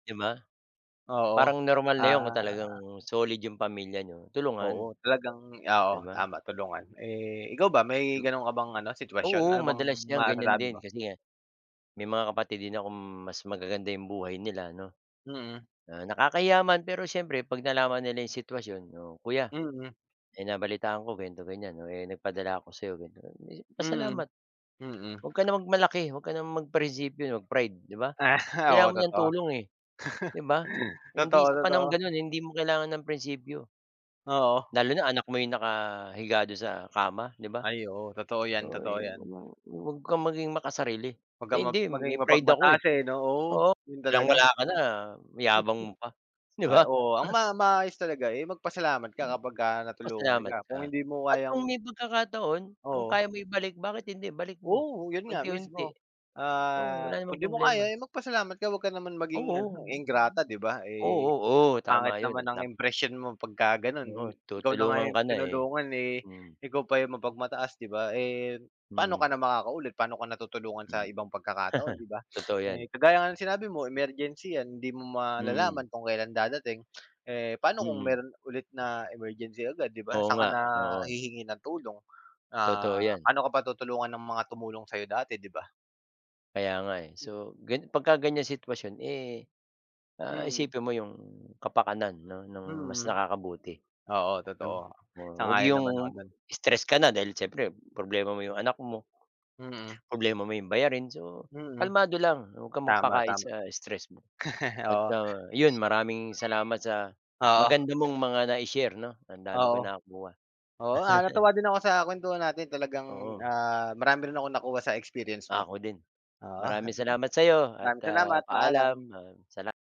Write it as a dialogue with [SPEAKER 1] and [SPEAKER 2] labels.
[SPEAKER 1] 'Di ba?
[SPEAKER 2] Oo.
[SPEAKER 1] Parang normal na yun kung talagang
[SPEAKER 2] Ah.
[SPEAKER 1] solid yung pamilya niyo, tulungan.
[SPEAKER 2] Oo talagang oo,
[SPEAKER 1] 'Di ba?
[SPEAKER 2] tama tulungan. Eh, ikaw ba, may
[SPEAKER 1] Yun.
[SPEAKER 2] ganon ka bang ano, sitwasyon?
[SPEAKER 1] Oo,
[SPEAKER 2] Ano bang
[SPEAKER 1] madalas yang ganyan
[SPEAKER 2] masasabi
[SPEAKER 1] din,
[SPEAKER 2] mo?
[SPEAKER 1] kasi nga, may mga kapatid din akong mas magaganda yung buhay nila 'no.
[SPEAKER 2] Mm.
[SPEAKER 1] Ah, nakakahiya man pero siyempre 'pag nalaman nila yung sitwasyon, "Oh kuya,
[SPEAKER 2] Mhm.
[SPEAKER 1] may nabalitaan ako ganito, ganyan, oh, eh, nagpadala ako sa'yo ganto ganyan," Eh,
[SPEAKER 2] Mhm,
[SPEAKER 1] pasalamat.
[SPEAKER 2] mm.
[SPEAKER 1] Huwag ka na mag-malaki, huwag ka ng mag prinsipyo, mag-pride, 'di ba?
[SPEAKER 2] Ah,
[SPEAKER 1] Kailangan
[SPEAKER 2] oo
[SPEAKER 1] mo nang
[SPEAKER 2] totoo.
[SPEAKER 1] tulong, eh, 'di ba? Hindi sa panahong
[SPEAKER 2] Totoo-totoo.
[SPEAKER 1] ganon, eh, hindi mo kailangan ng prinsipyo.
[SPEAKER 2] Oo.
[SPEAKER 1] Lalo na anak mo ay nakahiga dun sa kama, 'di ba?
[SPEAKER 2] Ay oo, totoo 'yan
[SPEAKER 1] So
[SPEAKER 2] totoo
[SPEAKER 1] ayun
[SPEAKER 2] 'yan.
[SPEAKER 1] ano, huwag kang maging makasarili,
[SPEAKER 2] Huwag
[SPEAKER 1] eh,
[SPEAKER 2] kang map
[SPEAKER 1] hindi
[SPEAKER 2] maging
[SPEAKER 1] may pride ako, eh.
[SPEAKER 2] mapag-mataas, eh, 'no? Oo
[SPEAKER 1] Oo
[SPEAKER 2] ganun talaga.
[SPEAKER 1] walang-wala ka na, yabang mo pa, 'di
[SPEAKER 2] Ay
[SPEAKER 1] ba?
[SPEAKER 2] oo, ang ma maayos talaga, eh, mag-pasalamat ka kapagka natulungan ka,
[SPEAKER 1] Pasalamat ka,
[SPEAKER 2] kung hindi mo
[SPEAKER 1] at kung
[SPEAKER 2] kayang
[SPEAKER 1] may pag-kakataon, kung
[SPEAKER 2] Oo.
[SPEAKER 1] kaya mo ibalik, bakit hindi, ibalik mo
[SPEAKER 2] Oo yun nga
[SPEAKER 1] unti-unti.
[SPEAKER 2] mismo,
[SPEAKER 1] Oo wala
[SPEAKER 2] ah,
[SPEAKER 1] namang
[SPEAKER 2] kundi mo
[SPEAKER 1] problema.
[SPEAKER 2] kaya, eh, mag-pasalamat ka huwag ka naman maging
[SPEAKER 1] Oo,
[SPEAKER 2] ano,
[SPEAKER 1] oo.
[SPEAKER 2] ingrata 'di ba, eh,
[SPEAKER 1] Oh,
[SPEAKER 2] ang
[SPEAKER 1] tama
[SPEAKER 2] pangit
[SPEAKER 1] yun,
[SPEAKER 2] naman
[SPEAKER 1] li
[SPEAKER 2] ng
[SPEAKER 1] lang.
[SPEAKER 2] impression mo pagka-ganon.
[SPEAKER 1] Oo
[SPEAKER 2] Ikaw na nga
[SPEAKER 1] tutulungan
[SPEAKER 2] yung
[SPEAKER 1] ka na, eh
[SPEAKER 2] tinulungan, eh,
[SPEAKER 1] hmm.
[SPEAKER 2] ikaw pa yung mapag-mataas 'di ba? Eh, pa'no ka
[SPEAKER 1] Mm.
[SPEAKER 2] na makaka-ulit, paano ka na tutulungan
[SPEAKER 1] Mm.
[SPEAKER 2] sa ibang pagkakataon 'di ba?
[SPEAKER 1] Totoo
[SPEAKER 2] Eh,
[SPEAKER 1] yan.
[SPEAKER 2] kagaya nga ng sinabi mo, emergency yan, hindi mo
[SPEAKER 1] Mm.
[SPEAKER 2] malalaman kung kelan dadating, eh. Pa'no kung
[SPEAKER 1] Mm.
[SPEAKER 2] meron ulit na emergency agad, 'di ba,
[SPEAKER 1] Oo
[SPEAKER 2] saan ka
[SPEAKER 1] nga,
[SPEAKER 2] na
[SPEAKER 1] oo.
[SPEAKER 2] hihingi ng tulong? Ah,
[SPEAKER 1] Totoo yan.
[SPEAKER 2] pa'no ka pa tutulungan ng mga tumulong sa'yo dati, 'di ba?
[SPEAKER 1] Kaya nga, eh. So gan pagka-ganyan sitwasyon, eh, ah,
[SPEAKER 2] Mhm.
[SPEAKER 1] isipin mo 'yong kapakanan ng ng mas
[SPEAKER 2] Hmm.
[SPEAKER 1] nakakabuti,
[SPEAKER 2] Oo
[SPEAKER 1] 'no?
[SPEAKER 2] totoo,
[SPEAKER 1] Wa huwag
[SPEAKER 2] sang-ayon naman ako
[SPEAKER 1] 'yong
[SPEAKER 2] diyan.
[SPEAKER 1] tress ka na, dahil siyempre, problema mo 'yong anak mo,
[SPEAKER 2] Mm.
[SPEAKER 1] problema mo 'yong bayarin, so,
[SPEAKER 2] Mm.
[SPEAKER 1] kalmado lang, huwag kang mag-pakain
[SPEAKER 2] Tama-tama.
[SPEAKER 1] sa stress mo. At
[SPEAKER 2] Oo.
[SPEAKER 1] ah, yun, maraming salamat sa
[SPEAKER 2] Oo.
[SPEAKER 1] maganda mong mga nai-share 'no, ang dami kong
[SPEAKER 2] Oo.
[SPEAKER 1] nakuha.
[SPEAKER 2] Oo ah, natuwa din ako sa kuwentuhan natin talagang,
[SPEAKER 1] Oo.
[SPEAKER 2] ah, marami rin akong nakuha sa experience mo.
[SPEAKER 1] Ako din,
[SPEAKER 2] Oo,
[SPEAKER 1] maraming salamat sa'yo, at
[SPEAKER 2] maraming
[SPEAKER 1] ah,
[SPEAKER 2] salamat, paalam.
[SPEAKER 1] paalam, maraming-sala